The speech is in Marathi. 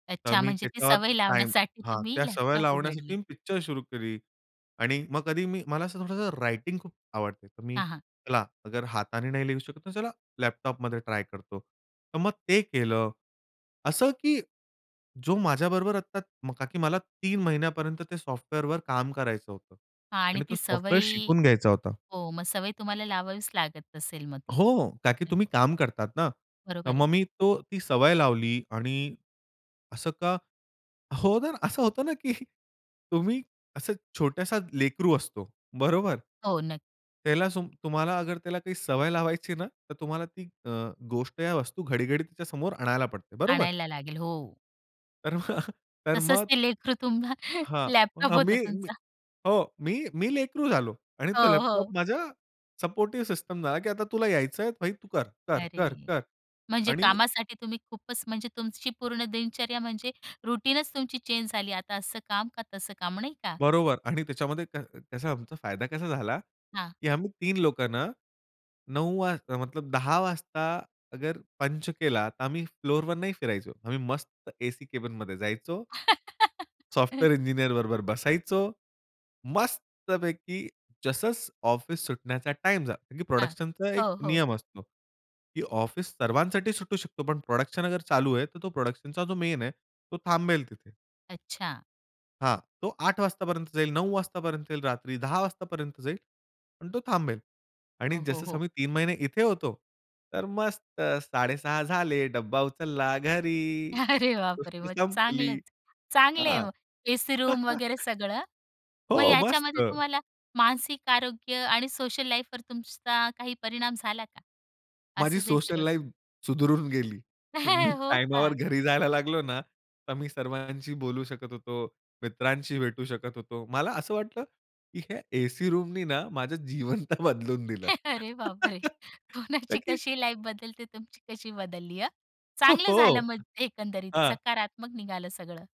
तर अच्छा! मी म्हणजे ती त्याच्यावर सवय टाईम लावण्यासाठी हां, तुम्ही त्या सवय लॅपटॉप उघडलं. लावण्यासाठी मी पिक्चर सुरू केली आणि मग कधी मी मला असं थोडंसं रायटिंग खूप आवडते. तर मी हां, हां. चला अगर हाताने नाही लिहू शकत, तर चला लॅपटॉपमध्ये ट्राय करतो. तर मग ते केलं, असं की जो माझ्याबरोबर आता का की, मला 3 महिन्यापर्यंत ते सॉफ्टवेअरवर काम करायचं होतं आणि आणि तो ती सॉफ्टवेअर सवय शिकून घ्यायचा होता. हो, मग सवय तुम्हाला लावावीच लागत असेल मग ती, हो, का की तुम्ही नक्की. काम करतात ना. तर बरोबर मग आहे. मी तो ती सवय लावली आणि असं का हो ना, असं होतं ना, की तुम्ही असं छोटासा लेकरू असतो. बरोबर? हो, नक्की. त्याला सो तुम्हाला अगर त्याला काही सवय लावायची ना, तर तुम्हाला ती अ, गोष्ट या वस्तू घडी-घडी तिच्यासमोर आणायला पडते. बरोबर? आणायला लागेल, हो. तर तर तसंच मग. ते लेकरु तुम्हा हां, लॅपटॉप अ, होता मी मी तुमचा. हो, मी मी लेकरू झालो आणि तो हो, लॅपटॉप हो. माझा सपोर्टिव्ह सिस्टम झाला, की आता तुला यायचंय भाई तू कर, कर, कर, अरे! कर म्हणजे आणि कामासाठी तुम्ही खूपच म्हणजे तुमची पूर्ण दिनचर्या म्हणजे रूटीनच तुमची चेंज झाली. आता असं काम का तसं काम, नाही का? बरोबर आणि त्याच्यामध्ये त्या त्याचा आमचा फायदा कसा झाला, हां. की आम्ही 3 लोकं ना, 9 वाजता मतलब 10 वाजता अगर पंच केला तर आम्ही फ्लोअरवर नाही फिरायचो. आम्ही मस्त एसी कॅबिनमध्ये जायचो सॉफ्टवेअर इंजिनिअर बरोबर बसायचो. मस्तपैकी जस ऑफिस सुटण्याचा टाईम झाला. हां. प्रोडक्शनचा एक हो, हो. नियम असतो, की ऑफिस सर्वांसाठी सुटू शकतो पण प्रोडक्शन चालू आहे तर तो प्रोडक्शनचा जो मेन आहे तो थांबेल तिथे. अच्छा. हां, तो 8 वाजतापर्यंत जाईल 9 वाजतापर्यंत येईल रात्री 10 वाजतापर्यंत जाईल, पण तो थांबेल हो, आणि हो, जसं हो. समय 3 महिने इथे होतो, तर मस्त 6.30 झाले, डब्बा उचलला घरी, अरे बापरे! गोष्ट मग संपली, चांगलंच चांगल आहे हां. मग. एसी रूम वगैरे सगळं मग हो, याच्यामध्ये मस्त. तुम्हाला मानसिक आरोग्य आणि सोशल लाईफवर तुमचा काही परिणाम झाला का? माझी असच हे सोशल सगळं लाईफ करून? सुधारून गेली. मी हो टाइमावर का? घरी जायला लागलो ना, तर मी सर्वांशी बोलू शकत होतो, मित्रांशी भेटू शकत होतो. मला असं वाटलं, की ह्या एसी रूमनी ना, माझं जीवन तर बदलून दिलं. अरे बापरे! का कोणाची की कशी लाईफ बदलते तुमची कशी बदलली हं. ओ, चांगलं झालं हो म्हणजे एकंदरीत, हां सकारात्मक निघालं सगळं.